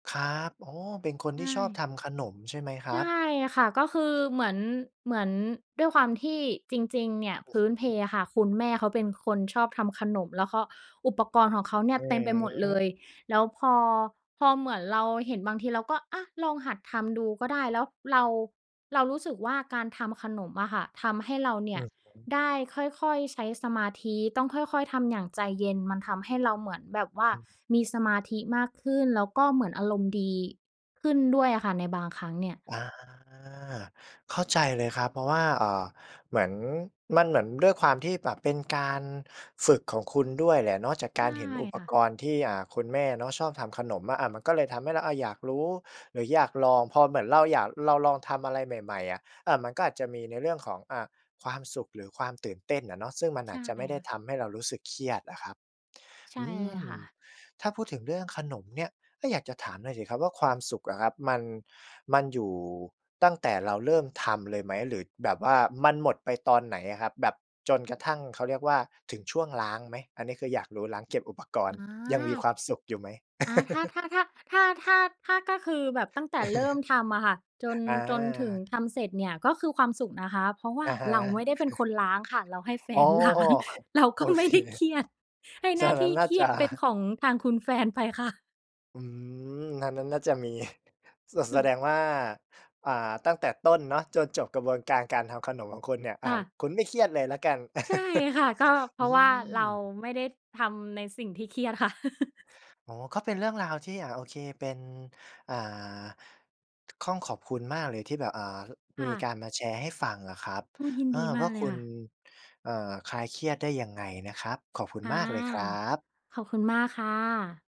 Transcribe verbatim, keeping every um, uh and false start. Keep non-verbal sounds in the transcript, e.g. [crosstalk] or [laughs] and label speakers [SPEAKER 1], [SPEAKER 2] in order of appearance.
[SPEAKER 1] ครับ อ้อ เป็นคน
[SPEAKER 2] ใช
[SPEAKER 1] ที่ชอบ
[SPEAKER 2] ่
[SPEAKER 1] ทำขนมใช่ไหมค
[SPEAKER 2] ใ
[SPEAKER 1] ร
[SPEAKER 2] ช
[SPEAKER 1] ับ?
[SPEAKER 2] ่ค่ะ ก็คือเหมือน เหมือน ด้วยความที่ จริง ๆ เนี่ย
[SPEAKER 1] อ
[SPEAKER 2] พ
[SPEAKER 1] ือ
[SPEAKER 2] ื้นเ
[SPEAKER 1] ฮ
[SPEAKER 2] พ
[SPEAKER 1] ึ
[SPEAKER 2] อะค่ะ คุณแม่เขาเป็นคนชอบทำขนม แล้วก็ อุปกรณ์ของเขาเนี่
[SPEAKER 1] อ
[SPEAKER 2] ย
[SPEAKER 1] ื
[SPEAKER 2] เต็มไปหมดเล
[SPEAKER 1] ม
[SPEAKER 2] ย แล้วพอ พอเหมือนเราเห็น บางทีเราก็ อะ ลองหัดทำดูก็ได้ แล้วเรา เรารู้สึกว่าการทำขนมอะค่ะ ทำให้เราเน
[SPEAKER 1] อ
[SPEAKER 2] ี่
[SPEAKER 1] ื
[SPEAKER 2] ย
[SPEAKER 1] อฮึ
[SPEAKER 2] ได้ค่อย ๆ ใช้สมาธิ ต้องค่อย ๆ ทำอย่างใจเย็น มันทำให้เราเหมือนแบบว่า
[SPEAKER 1] อืม
[SPEAKER 2] มีสมาธิมากขึ้น แล้วก็เหมือนอารมณ์ดีขึ้นด้วยอะค่ะ ในบางครั้งเนี่ย
[SPEAKER 1] อา เข้าใจเลยครับ เพราะว่า เอ่อ เหมือน มันเหมือนด้วยความที่แบบเป็นการฝึกของคุณด้วยแหละเนาะ จากก
[SPEAKER 2] ใช
[SPEAKER 1] า
[SPEAKER 2] ่
[SPEAKER 1] รเห็นอุป
[SPEAKER 2] ค่ะ
[SPEAKER 1] กรณ์ที่ อ่า คุณแม่เนาะชอบทำขนมมะอะ มันก็เลยทำให้เราอะอยากรู้หรืออยากลอง พอเหมือนเราอยาก เราลองทำอะไรใหม่ ๆ อะ เออ มันก็อาจจะมีในเรื่องของ อา ความสุขหรือความตื่นเต้นอะเนาะ ซึ่งมัน
[SPEAKER 2] ใ
[SPEAKER 1] อ
[SPEAKER 2] ช
[SPEAKER 1] า
[SPEAKER 2] ่
[SPEAKER 1] จจะไม่ได้
[SPEAKER 2] ค่ะ
[SPEAKER 1] ทำให้เรารู้สึกเครียดอะครับ
[SPEAKER 2] ใช
[SPEAKER 1] อ
[SPEAKER 2] ่
[SPEAKER 1] ื
[SPEAKER 2] เลย
[SPEAKER 1] ม
[SPEAKER 2] ค่ะ
[SPEAKER 1] ถ้าพูดถึงเรื่องขนมเนี่ย ก็อยากจะถามหน่อยสิครับว่า ความสุขอะครับมัน มันอยู่ ตั้งแต่เราเริ่มทำเลยไหม? หรือแบบว่ามันหมดไปตอนไหนอะครับ? แบบจนกระทั่งเขาเรียกว่าถึงช่วงล้างไหม? อันนี้คืออยากรู้ ล้างเก็บอุปก
[SPEAKER 2] อ
[SPEAKER 1] ร
[SPEAKER 2] ๋
[SPEAKER 1] ณ
[SPEAKER 2] อ
[SPEAKER 1] ์ยังมีความสุขอยู่ไหม?
[SPEAKER 2] อา ถ้า
[SPEAKER 1] [laughs]
[SPEAKER 2] ถ้า ถ้า ถ้า ถ้า ถ้า ถ้าคือแบบตั้งแต่เริ่ม
[SPEAKER 1] [chuckles]
[SPEAKER 2] ทำอะค่ะ จน
[SPEAKER 1] อ
[SPEAKER 2] จนถึง
[SPEAKER 1] า
[SPEAKER 2] ทำเสร็จเนี่ย ก็คือความสุขนะคะ เพราะว่
[SPEAKER 1] อ
[SPEAKER 2] า
[SPEAKER 1] ะฮะ
[SPEAKER 2] เราไม่ได้เป็นค
[SPEAKER 1] [chuckles]
[SPEAKER 2] นล้างค่ะ เราให้แฟ
[SPEAKER 1] อ้อ
[SPEAKER 2] น ล้าง
[SPEAKER 1] ครับ
[SPEAKER 2] เรา
[SPEAKER 1] โ
[SPEAKER 2] ก
[SPEAKER 1] อ
[SPEAKER 2] ็ไม
[SPEAKER 1] เค
[SPEAKER 2] ่ได้เครียด ให้ห
[SPEAKER 1] ฉ
[SPEAKER 2] น้
[SPEAKER 1] ะ
[SPEAKER 2] า
[SPEAKER 1] น
[SPEAKER 2] ท
[SPEAKER 1] ั้
[SPEAKER 2] ี่
[SPEAKER 1] นน่
[SPEAKER 2] เ
[SPEAKER 1] า
[SPEAKER 2] ครี
[SPEAKER 1] จ
[SPEAKER 2] ย
[SPEAKER 1] ะ
[SPEAKER 2] ดเป็นของทางคุณ แฟนไปค่ะ
[SPEAKER 1] อืม อันนั้นน่าจะมี [chuckles] ส แสด
[SPEAKER 2] [chuckles]
[SPEAKER 1] งว่า อ่า ตั้งแต่ต้นเนาะ จนจบกระบวนการการทำขนมของคุณเนี่ย อ
[SPEAKER 2] ค
[SPEAKER 1] ่า
[SPEAKER 2] ่ะ
[SPEAKER 1] คุณไม่เครียดเลยละกัน
[SPEAKER 2] ใช่
[SPEAKER 1] [chuckles]
[SPEAKER 2] ค่ะ ก็เพ
[SPEAKER 1] อื
[SPEAKER 2] ราะว่าเรา
[SPEAKER 1] ม
[SPEAKER 2] ไม่ได้ทำในสิ่งที่เครียดค่ะ [laughs]
[SPEAKER 1] อ๋อ ก็เป็นเรื่องราวที่ อ่า โอเคเป็น อ่า ค่อง ขอบคุณมากเลยที่แบบ อ่า
[SPEAKER 2] ค
[SPEAKER 1] ม
[SPEAKER 2] ่
[SPEAKER 1] ี
[SPEAKER 2] ะ
[SPEAKER 1] การมาแชร์ให้ฟังนะครับ
[SPEAKER 2] โอ้ ยิน
[SPEAKER 1] เออ
[SPEAKER 2] ดีม
[SPEAKER 1] ว
[SPEAKER 2] า
[SPEAKER 1] ่
[SPEAKER 2] ก
[SPEAKER 1] า
[SPEAKER 2] เล
[SPEAKER 1] ค
[SPEAKER 2] ย
[SPEAKER 1] ุ
[SPEAKER 2] ค
[SPEAKER 1] ณ
[SPEAKER 2] ่ะ
[SPEAKER 1] เอ่อ คลายเครียดได้ยังไงนะครับ ขอบคุณ
[SPEAKER 2] ค่ะ
[SPEAKER 1] มากเลยครับ
[SPEAKER 2] ขอบคุณมากค่ะ